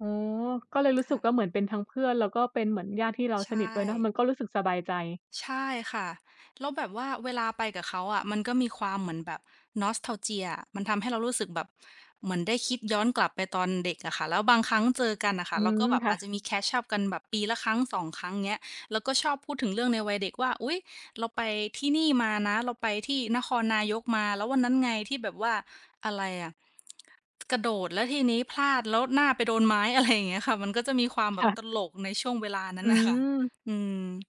อ๋อ ก็เลยรู้คสึ่กะ ว่า เหมือนเป็นทั้งเพื่อน แล้วก็เป็นเหมือนญาติที่เราใชสนิทด้วยเนาะ ม่ ันก็รู้สึกสบายใจ ใช่ค่ะ แล้วแบบว่าเวลาไปกับเขาอะ มันก็มีความเหมือนแบบ Nostalgia อะ มันทำให้เรารู้สึกแบบเหมือนได้คิดย้อนกลับไปตอนเด็กอะค่ะ แล้วบางครั้งเจอกันน่ะค่อะ ืเราก็ม แบบคอ่าจจะะ มี Catch up กันแบบปีละครั้ง 2 ครั้ง เงี้ย แล้วก็ชอบพูดถึงเรื่องในวัยเด็กว่า "อุ๊ย เราไปที่นี่มานะ เราไปที่นครนายกมา แล้ววันนั้นไงที่แบบว่า อะไรอะ กระโดดแล้วทีนี้พลาด แล้วหน้าไปโดนไม้" อะไรอย่างเงี้ยค่ะ มันก็จะมีความแบค่บะ ตลกในช่วงเวลานั้อน น่ะค่ะ ืม อืม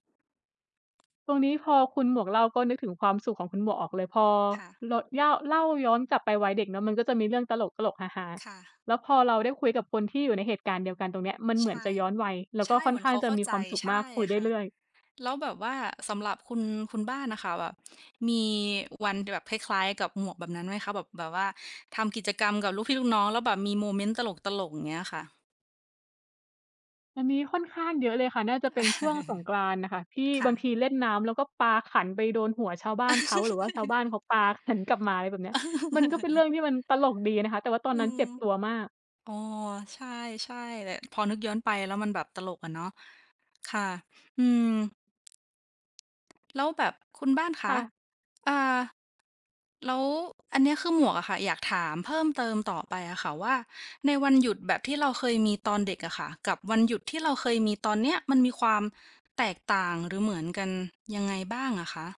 ตรงนี้พอคุณหมวกเล่า ก็นึกถึงความสุขของคุณหมวกออกเลย พอค่ะ เรา เย่า เล่าย้อนกลับไปวัยเด็กเนาะ มันก็จะมีเรื่องตลก ๆ ฮา ค่ะ ๆ แล้วพอเราได้คุยกับคนที่อยู่ในเหตุการณ์เดียวกันตรงเนี้ย มันเใหชมือน่ จะย้อนวัย แล้วใชก็่ ค่เหอมนือขน้เาขงาจเะข้ามีใจ ความสุขใช่มาก คุยไดค้่ะ เรื่อย แล้วแบบว่า สำหรับคุณ คุณบ้านน่ะค่ะ แบบมีวันแบบคล้าย ๆ กับหมวกแบบนั้นไหมคะ? แบบ แบบว่า ทำกิจกรรมกับลูกพี่ลูกน้อง แล้วแบบมีโมเมนต์ ตลก ๆ อย่างเงี้ยค่ะ? อันนี้ค่อนข้างเยอะเลยค่ะ น่าจะเป็นช่วงสงกรานต์น่ะค่ะ ที่ค่บะ างทีเล่นน้ำ แล้วก็ปาขันไปโดนหัวชาวบ้านเขา หรือว่าชาวบ้านเขาปาขันกลับมา อะไรแบบเนี้ย มันก็เป็นเรื่องที่มันตลกดีอะนะคะ แต่ว่าตออนืนั้นม เจ็บตัวมาก อ๋อ ใช่ ใช่แหละ พอนึกย้อนไปแล้ว มันแบบตลกอะเนาะ ค่ะ อืม แล้วแบบคุณบ้านคคะ ่ะ อา แล้วอันเนี้ยคือหมวกอะค่ะ อยากถามเพิ่มเติมต่อไปอะค่ะว่า ในวันหยุดแบบที่เราเคยมีตอนเด็กอะค่ะ กับวันหยุดที่เราเคยมีตอนเนี้ย มันมีความแตกต่าง หรือเหมือนกันยังไงบ้างอะคะ?